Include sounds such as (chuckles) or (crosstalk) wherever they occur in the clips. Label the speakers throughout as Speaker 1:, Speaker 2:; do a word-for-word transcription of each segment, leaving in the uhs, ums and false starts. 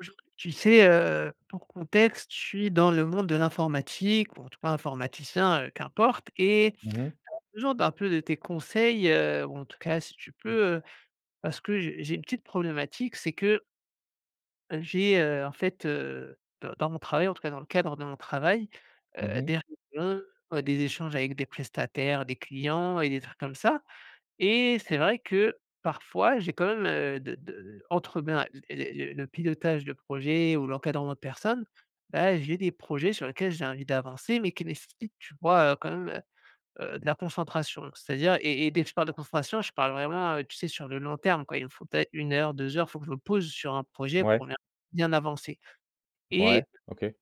Speaker 1: Aujour tu sais, heu, pour contexte, je suis dans le monde de l'informatique, ou en tout cas informaticien, heu, qu'importe et
Speaker 2: Mmh mh.
Speaker 1: (unintelligible) besoin d'un peu de tes conseils, heu, ou en tout cas, si tu peux, heu, parce que j'ai j'ai une petite problématique, c'est que j'ai, heu, en fait, heu, d dans mon travail, en tout cas dans le cadre de mon travail,
Speaker 2: Mmh
Speaker 1: heu,
Speaker 2: mh.
Speaker 1: des réunions, des échanges avec des prestataires, des clients et des trucs comme ça et c'est vrai que, parfois, j'ai quand même, heu, de de entre ben, l les les le pilotage de projets ou l'encadrement de personnes, bah, j'ai des projets sur lesquels j'ai envie d'avancer, mais qui nécessitent, tu vois, heu, quand même, heu heu, de la concentration. C'est-à-dire et et dès que je parle de concentration, je parle vraiment, tu sais, sur le long terme quoi. Il me faut peut-être une heure, deux heures, faut que je me pose sur un projet
Speaker 2: Mouais.
Speaker 1: pour bien bien avancer
Speaker 2: Ouais,
Speaker 1: et
Speaker 2: OK.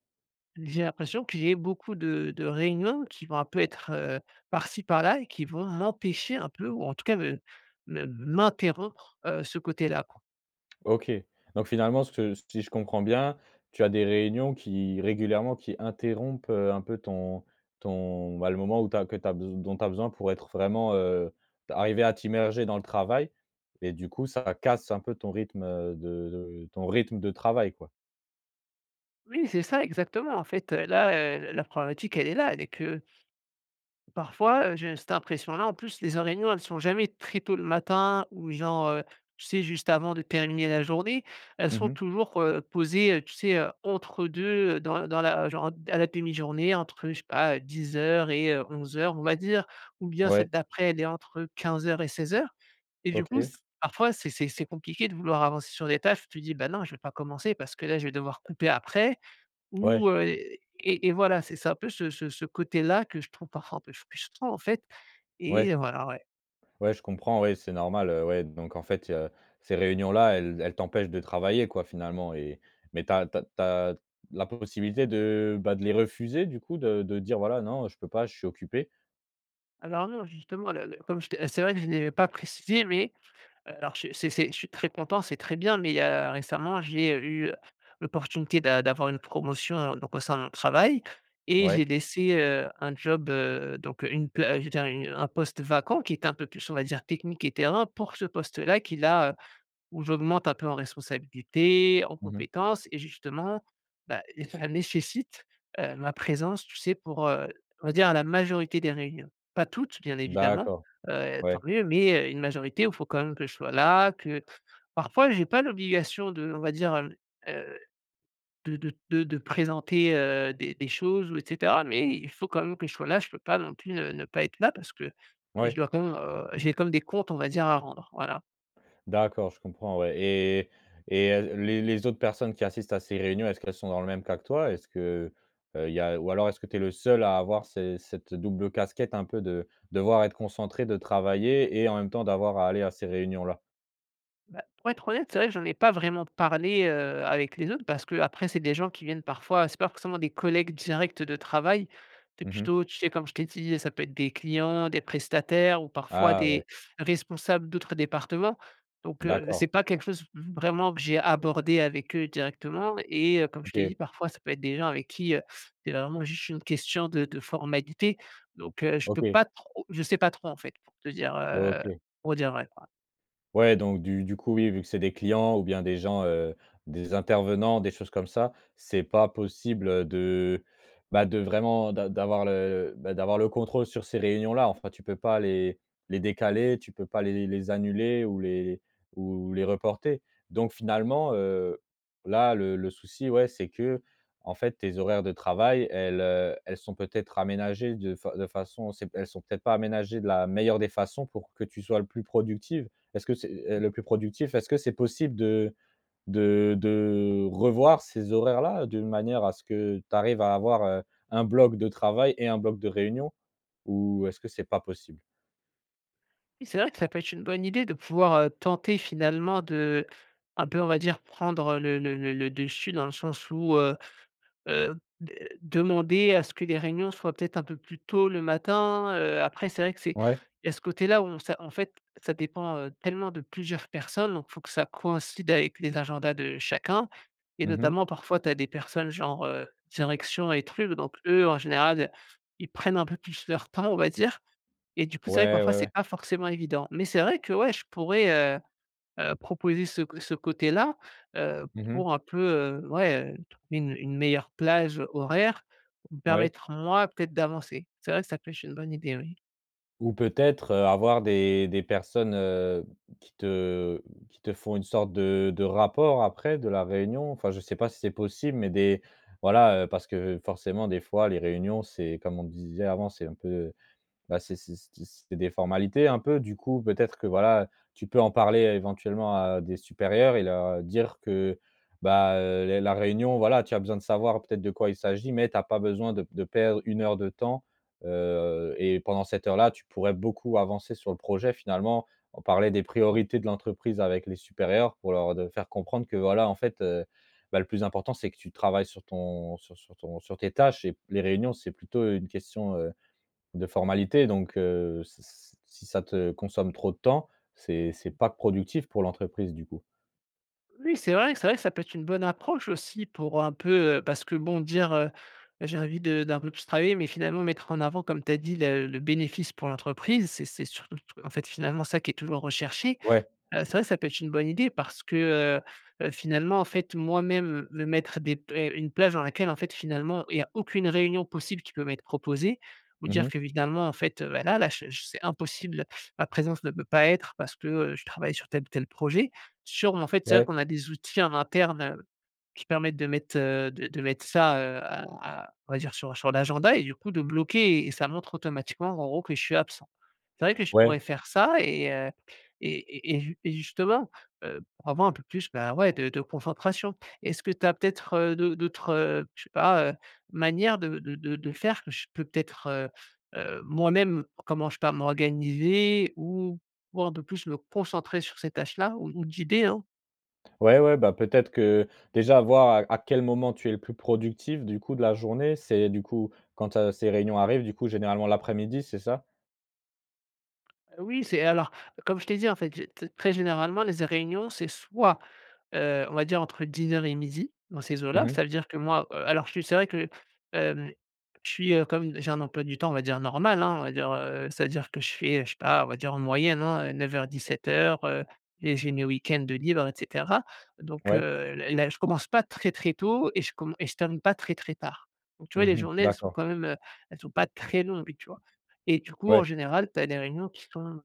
Speaker 1: j'ai l'impression que j'ai beaucoup de de réunions qui vont un peu être, heu, par-ci, par-là et qui vont m'empêcher un peu, ou en tout cas me me m'interrompre, heu, ce côté-là quoi.
Speaker 2: OK, donc finalement, cette si je comprends bien, tu as des réunions qui régulièrement, qui interrompent, heu, un peu ton ton, bah, le moment où tu as que tu as bes dont tu as besoin pour être vraiment, heu, d'arriver à t'immerger dans le travail et du coup ça casse un peu ton rythme, heu, de de ton rythme de travail quoi?
Speaker 1: Oui c'est ça exactement en fait, heu, là, heu, l la problématique elle est là, elle est que parfois, heu, j'ai cette impression là, en plus les en réunions elles sont jamais très tôt le matin ou genre, heu, tu sais juste avant de terminer la journée. Elles
Speaker 2: Mmh
Speaker 1: sont
Speaker 2: mh.
Speaker 1: toujours, heu, posées, heu, tu sais, heu, entre deux, heu, dans dans la genre d à la demi-journée entre je sais pas, heu, dix heures et heu, onze heures on va dire. Ou bien celle
Speaker 2: Ouais.
Speaker 1: d'après elle est entre quinze heures et seize heures et du coup
Speaker 2: OK.
Speaker 1: s parfois c'est c'est c'est compliqué de vouloir avancer sur des tâches. Tu te dis: «Bah non je vais pas commencer parce que là je vais devoir couper après»
Speaker 2: Ouais.
Speaker 1: ou heu et et et voilà. C'est ça un peu ce ce ce côté-là que je trouve parfois un peu frustrant en fait
Speaker 2: Ouais.
Speaker 1: et heu voilà, ouais.
Speaker 2: Ouais, je comprends, ouais c'est normal, heu, ouais, donc en fait il y a ces réunions-là, elles elles t'empêchent de travailler quoi finalement et mais tu as tu as tu as la possibilité de bah de les refuser du coup? De de dire: "Voilà, non, heu, je peux pas, je suis occupé?"
Speaker 1: Alors non, justement, le le comme je te c'est vrai que je l'ai pas précisé, mais heu, alors je c'est c'est je suis très content, c'est très bien. Mais il y a récemment, j'ai, heu, eu l'opportunité d'a d'avoir une promotion, heu, donc au sein de mon travail, et
Speaker 2: Ouais.
Speaker 1: j'ai laissé, heu, un job, heu, donc une pla je veux dire une un poste vacant qui était un peu plus, on va dire technique et terrain pour ce poste-là, qui là, heu où j'augmente un peu en responsabilités, en
Speaker 2: Mmh mh.
Speaker 1: compétences et justement, bah, ça nécessite, heu, ma présence, tu sais pour, heu, on va dire, la majorité des réunions. Pas toutes bien évidemment,
Speaker 2: D'accord,
Speaker 1: heu, tant
Speaker 2: ouais.
Speaker 1: mieux, mais, heu, une majorité où faut quand même que je sois là, que parfois j'ai pas l'obligation d'on va dire, hem, heu, de de de de présenter, heu, des des choses ou et cetera. Mais il faut quand même que je sois là, je peux pas non plus ne ne pas être là, parce que je
Speaker 2: Ouais.
Speaker 1: dois quand même, heu, j'ai comme des comptes, on va dire, à rendre, voilà.
Speaker 2: D'accord, je comprends, ouais et et heu, l les les autres personnes qui assistent à ces réunions, est-ce qu'elles sont dans le même cas que toi? Est-ce que, heu, il y a ou alors est-ce que tu es le seul à avoir ce cette double casquette, un peu de devoir être concentré, de travailler et en même temps d'avoir à aller à ces réunions-là?
Speaker 1: Bah, pour être honnête, c'est vrai que j'en ai pas vraiment parlé, heu, avec les autres parce qu'après, c'est des gens qui viennent parfois c'est pas forcément des collègues directs de travail. Tu es
Speaker 2: Mmh mh.
Speaker 1: plutôt tu sais comme je t'ai dit, ça peut être des clients, des prestataires ou parfois
Speaker 2: Ah, ouais.
Speaker 1: des responsables d'autres départements. Donc heu,
Speaker 2: D'accord.
Speaker 1: c'est pas quelque chose v vraiment que j'ai abordé avec eux directement et heu, comme je t'ai
Speaker 2: OK.
Speaker 1: dit, parfois ça peut être des gens avec qui, heu, c'est vraiment juste une question de de formalités. Donc heu, je peux
Speaker 2: OK.
Speaker 1: pas trop je sais pas trop en fait, pour te dire, heu
Speaker 2: OK.
Speaker 1: pour dire vrai, quoi.
Speaker 2: Ouais donc du du coup oui, vu que c'est des clients ou bien des gens, heu, des intervenants, des choses comme ça, c'est pas possible, heu, de, bah, de vraiment d'a d'avoir le le, bah, d'avoir le contrôle sur ces réunions-là. Enfin, tu peux pas les les décaler, tu peux pas les les annuler ou les ou ou les reporter. Donc finalement, heu, là le le souci, ouais, c'est qu'en fait tes horaires de travail, elles, heu, elles sont peut-être aménagées de fa de façon c'est p elles sont peut-être pas aménagées de la meilleure des façons pour que tu sois le plus productive. Est-ce que c'est, heu,
Speaker 1: Mmh.
Speaker 2: le plus productif? Est-ce que c'est possible de de de revoir ces horaires-là, d'une manière à ce que tu arrives à avoir, heu, un bloc de travail et un bloc de réunion? Ou est-ce que c'est pas possible?
Speaker 1: Oui, c'est vrai que ça peut être une bonne idée de pouvoir, heu, tenter finalement d'un peu on va dire, prendre le le le le dessus dans le sens où, heu heu, de demander à ce que les réunions soient peut-être un peu plus tôt le matin. Heu, après, c'est vrai que c'est
Speaker 2: Ouais.
Speaker 1: il y a ce côté-là où on ça en fait, ça dépend, heu, tellement de plusieurs personnes. Donc, faut que ça coïncide avec les agendas de chacun et
Speaker 2: Mmh mh.
Speaker 1: notamment parfois, tu as des personnes genre heu, direction et truc. Donc eux, en général, ils prennent un peu plus leur temps, on va dire et du coup c'est vrai que
Speaker 2: Ouais,
Speaker 1: parfois
Speaker 2: ouais,
Speaker 1: c'est
Speaker 2: ouais.
Speaker 1: pas forcément évident. Mais c'est vrai, que ouais, je pourrais, heu heu, proposer ce co ce côté-là, heu,
Speaker 2: Mmh mh.
Speaker 1: pour un peu, heu, ouais, heu, une une meilleure plage horaire pour me
Speaker 2: Ouais.
Speaker 1: permettre moi, peut-être d'avancer. C'est vrai que ça peuche une bonne idée, oui.
Speaker 2: Ou peut-être, heu, avoir des des personnes, heu, qui te qui te font une sorte de de rapport après, de la réunion? Enfin, je sais pas si c'est possible, mais des voilà, heu, parce que forcément des fois les réunions, c'est comme on disait avant, c'est un peu, bah, c'est c'est c d c'est des formalités un peu. Du coup, peut-être que voilà, heu, tu peux en parler éventuellement à des supérieurs et leur dire que, bah, heu, les la réunion, voilà, tu as besoin de savoir peut-être de quoi il s'agit, mais tu as pas besoin de p de perdre une heure de temps, heu et pendant cette heure-là, tu pourrais beaucoup avancer sur le projet finalement. On parlait des
Speaker 1: Mmh.
Speaker 2: priorités de l'entreprise avec les supérieurs, pour leur de faire comprendre que, voilà en fait, heu, bah, le plus important c'est que tu travailles sur ton sur son ton sur tes tâches et p les réunions c'est plutôt une question, heu, de formalités donc heu, s s si ça te consomme trop de temps, c'est c'est
Speaker 1: Mmh.
Speaker 2: pas productif pour l'entreprise, du coup.
Speaker 1: Oui, c'est vrai, c'est vrai que ça peut être une bonne approche aussi pour un peu, heu parce que bon dire, heu, j'ai envie de d'un peu plus travailler, mais finalement mettre en avant, comme tu as dit: «La le bénéfice pour l'entreprise» c'est c'est surtout, t en fait, finalement ça qui est toujours recherché.
Speaker 2: Ouais.
Speaker 1: Heu, c'est vrai que ça peut être une bonne idée parce que, heu, heu, finalement en fait moi-même me mettre des p une plage, dans laquelle, en fait, finalement il y a aucune réunion possible qui peut m'être proposée, ou
Speaker 2: Mmh
Speaker 1: dire
Speaker 2: mh.
Speaker 1: qu'évidemment en fait, heu, bah là là, je je s c'est impossible, ma présence ne peut pas être parce que, heu, je travaille sur tel ou tel projet. SURM, en fait, c'est vrai,
Speaker 2: Ouais.
Speaker 1: qu'on a des outils en interne, heu, qui permettent de mettre, heu, de de mettre ça, heu, à à on va dire sur sur l'agenda et du coup de bloquer et et ça montre automatiquement, en gros, que je suis absent. C'est vrai que je pourrais
Speaker 2: Ouais.
Speaker 1: faire ça et heu, et et et jus et justement, heu, pour avoir un peu plus ben, ouais de de concentration. Est-ce que tu as peut-être, heu, d'au d'autres, heu, je sais pas, heu, manières de de de de faire que je peux peut-être, heu, heu, moi-même comment, je sais pas, m'organiser ou pouvoir un peu plus le concentrer sur ces tâches-là ou ou d'idées hein?
Speaker 2: Ouais, ouais, bah peut-être que déjà, voir à à quel moment tu es le plus productif du coup de la journée. C'est du coup, quand, heu, ces réunions arrivent, du coup généralement l'après-midi c'est ça?
Speaker 1: Heu, oui, c'est alors comme je t'ai dit en fait: «Je te très généralement les réunions, c'est soit, heu, on va dire entre dix heures et midi dans ces eaux
Speaker 2: Mmh
Speaker 1: là».
Speaker 2: mh.
Speaker 1: Ça veut dire que moi heu, alors je suis c'est vrai que, hem, je suis, heu, comme d j'ai un emploi du temps, on va dire normal, hein. On va dire, heu c'est-à-dire que je fais, je sais pas, on va dire en moyenne hein, heu, neuf heures-dix-sept heures heu, et j'ai mes week-end de libre, et cetera donc heu,
Speaker 2: Ouais.
Speaker 1: l là, je commence pas très très tôt et je com et je termine pas très très tard, donc tu vois? Les
Speaker 2: Mmh mh,
Speaker 1: journées, elles sont
Speaker 2: d'accord.
Speaker 1: quand même, heu, elles sont pas très longues, tu vois? Et du coup,
Speaker 2: Ouais.
Speaker 1: en général, tu as des réunions qui sont, on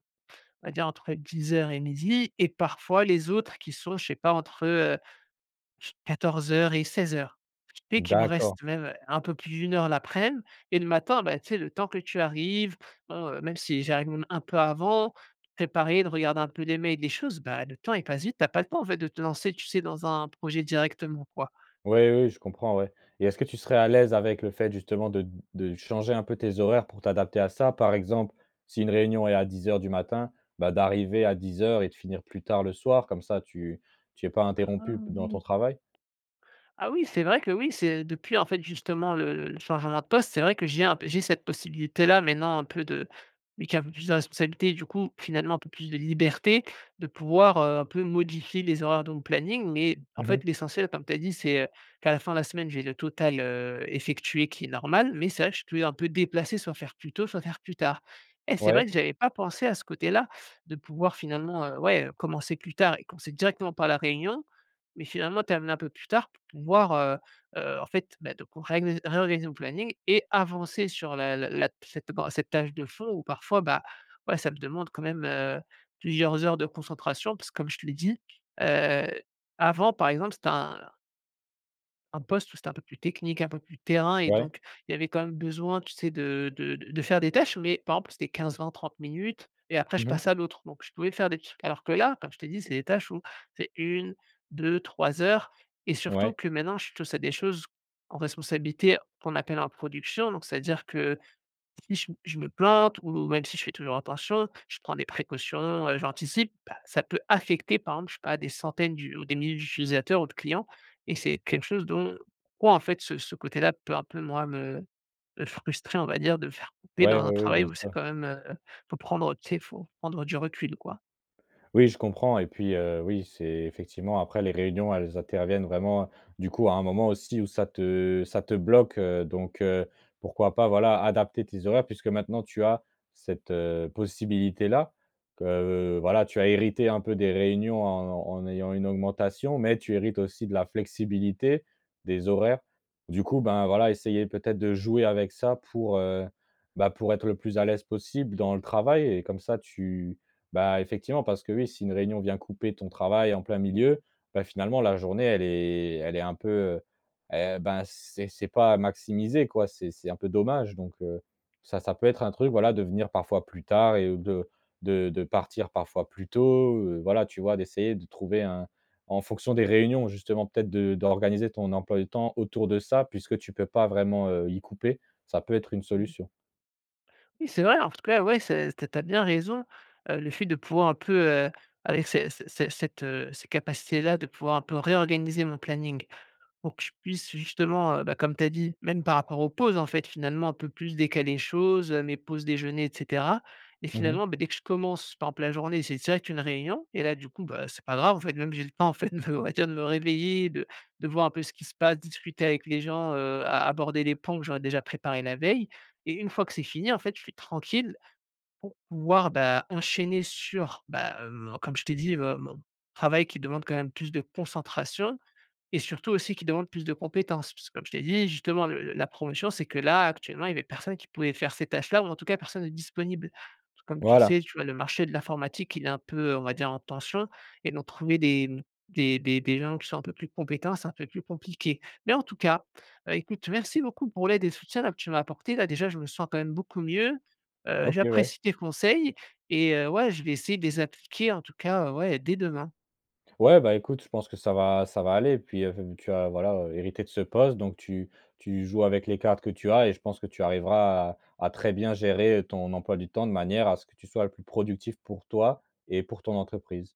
Speaker 1: va dire, entre dix heures et midi et parfois les autres qui sont, je sais pas, entre, heu, je quatorze heures et seize heures. Ce qui fait, qu'il me
Speaker 2: D'accord.
Speaker 1: reste même, heu, un peu plus d' une heure l'aprèm et le matin, bah, tu sais? Le temps que tu arrives, bon, heu, même si j'arrive même un peu avant préparer, de regarder un peu les mails, les choses. Bah, le temps il passe vite, tu as pas le temps en fait de te lancer, tu sais? Dans un projet directement, quoi.
Speaker 2: Ouais. Oui, oui, je comprends, ouais et est-ce que tu serais à l'aise avec le fait justement de de changer un peu tes horaires pour t'adapter à ça? Par exemple, si une réunion est à dix heures du matin, bah, d'arriver à dix heures et de finir plus tard le soir. Comme ça tu tu es pas
Speaker 1: Ah
Speaker 2: interrompu p dans ton
Speaker 1: oui!
Speaker 2: travail?
Speaker 1: Ah oui, c'est vrai que, oui, c'est depuis en fait justement le le le changement de poste, c'est vrai que j'ai un p j'ai cette possibilité là maintenant un peu de vu qu'il y a un peu plus de responsabilités, du coup, finalement un peu plus de liberté de pouvoir, heu, un peu modifier les horaires de mon planning, mais en
Speaker 2: Mmh
Speaker 1: fait,
Speaker 2: mh.
Speaker 1: l'essentiel comme tu as dit: «C'est, heu, qu'à la fin de la semaine, j'ai le total, heu, effectué, qui est normal» mais c'est vrai, que je peux un peu déplacer, soit faire plus tôt, soit faire plus tard. Eh! c'est vrai
Speaker 2: Ouais.
Speaker 1: que j'avais pas pensé à ce côté là, de pouvoir finalement, heu, ouais, heu, commencer plus tard et commencer directement par la réunion, mais finalement, terminer un peu plus tard pour pouvoir, heu heu, en fait bah, de qu'on réganis réorganiser mon planning et avancer sur la la la cette bon, cette tâche de fond où parfois bah, ouais, ça me demande quand même, heu, plusieurs heures de concentration parce que, comme je te l'ai dit: «Heu, avant, par exemple, c'était un» «un poste où c'était un peu plus technique, un peu plus terrain» et
Speaker 2: Ouais.
Speaker 1: donc, il y avait quand même besoin, tu sais? De de de de faire des tâches, mais par exemple, c'était quinze-vingt-trente minutes et après je
Speaker 2: Mmh mh.
Speaker 1: passe à l'autre, donc je pouvais faire des trucs. Alors que là, comme je t'ai dit: «C'est des tâches où c'est une-deux-trois heures» et surtout
Speaker 2: Ouais.
Speaker 1: que maintenant, je touche à des choses en responsabilité qu'on appelle en production, donc ça veut dire que si je m je me plante ou même si je fais toujours attention, je prends des précautions, heu, j'anticipe, bah, ça peut affecter par exemple, je sais pas, des centaines du ou des milliers d'utilisateurs ou de clients et c'est quelque chose dont quoi en fait, ce ce côté-là peut un peu, moi, me me frustrer on va dire. De me faire couper
Speaker 2: Ouais.
Speaker 1: dans un
Speaker 2: Oui, oui,
Speaker 1: travail où c'est
Speaker 2: bien-sûr.
Speaker 1: quand même, heu, faut prendre, heu, tu sais? Faut prendre du recul, quoi.
Speaker 2: Oui, je comprends et puis, heu, oui, c'est effectivement après les réunions, elles interviennent vraiment, du coup, à un moment aussi où ça te ça te bloque, heu, donc heu, pourquoi pas, voilà, adapter tes horaires, puisque maintenant, tu as cette, heu, possibilité là que, heu, voilà, tu as hérité un peu des réunions en en ayant une augmentation, mais tu hérites aussi de la flexibilité, des horaires. Du coup, ben, voilà, essayer peut-être de jouer avec ça, pour, heu, bah, pour être le plus à l'aise possible dans le travail et comme ça tu bah, effectivement parce que, oui, si une réunion vient couper ton travail en plein milieu, bah, finalement la journée, elle est elle est un peu, heu, eh ben, c'est c'est pas maximisé quoi. C'est c'est un peu dommage donc heu, ça, ça peut être un truc, voilà, de venir parfois plus tard et ou de de de partir parfois plus tôt, heu, voilà, tu vois? D'essayer de trouver un en fonction des réunions justement, peut-être, de d'organiser ton emploi du temps autour de ça, puisque tu peux pas vraiment, heu, y couper, ça peut être une solution.
Speaker 1: Oui, c'est vrai. En tout cas, ouais, c'est t tu as bien raison, heu, le fait de pouvoir un peu, heu, avec ces ces ces cette, heu, ces capacités là, de pouvoir un peu réorganiser mon planning, pour que je puisse justement, heu, bah, comme tu as dit même par rapport aux pauses, en fait finalement un peu plus décaler les choses, heu, mes pauses déjeuner, et cetera et
Speaker 2: Mmh mh.
Speaker 1: finalement, beh dès que je commence, par exemple, la journée, c'est direct une réunion et là du coup, bah, c'est pas grave en fait. Même j'ai le temps en fait, de (chuckles) on va dire de me réveiller et de de voir un peu ce qui se passe, discuter avec les gens, heu, à aborder les points où j'aurais déjà préparé la veille et une fois que c'est fini, en fait, je suis tranquille pour pouvoir, bah, enchaîner sur bah, hem, comme je t'ai dit: «Heu, mon travail qui demande, quand même, plus de concentration» et surtout aussi qui demande plus de compétences. Puisque, comme je t'ai dit: «Justement, le le la promotion, c'est que là, actuellement, il y avait personne qui pouvait faire ces tâches là ou en tout cas, personne de disponible». Puisque, comme tu le
Speaker 2: Voilà.
Speaker 1: sais, tu vois? Le marché de l'informatique, il est un peu, heu, on va dire en tension et donc trouver des mmh, des des des gens qui sont un peu plus compétents, c'est un peu plus compliqué. Mais en tout cas, bah, écoute merci beaucoup pour l'aide et le soutien là, que tu m'as apporté là. Déjà, je me sens quand même beaucoup mieux, heu,
Speaker 2: OK, ouais.
Speaker 1: j'apprécie tes conseils et heu ouais, je vais essayer de les appliquer en tout cas, heu, ouais, dès demain.
Speaker 2: Ouais, bah écoute, je pense que ça va ça va aller, puis, heu, tu as voilà, heu, hérité de ce poste, donc tu tu joues avec les cartes que tu as et je pense que tu arriveras à à très bien gérer, heu, ton emploi du temps de manière à ce que tu sois le plus productif pour toi et pour ton entreprise.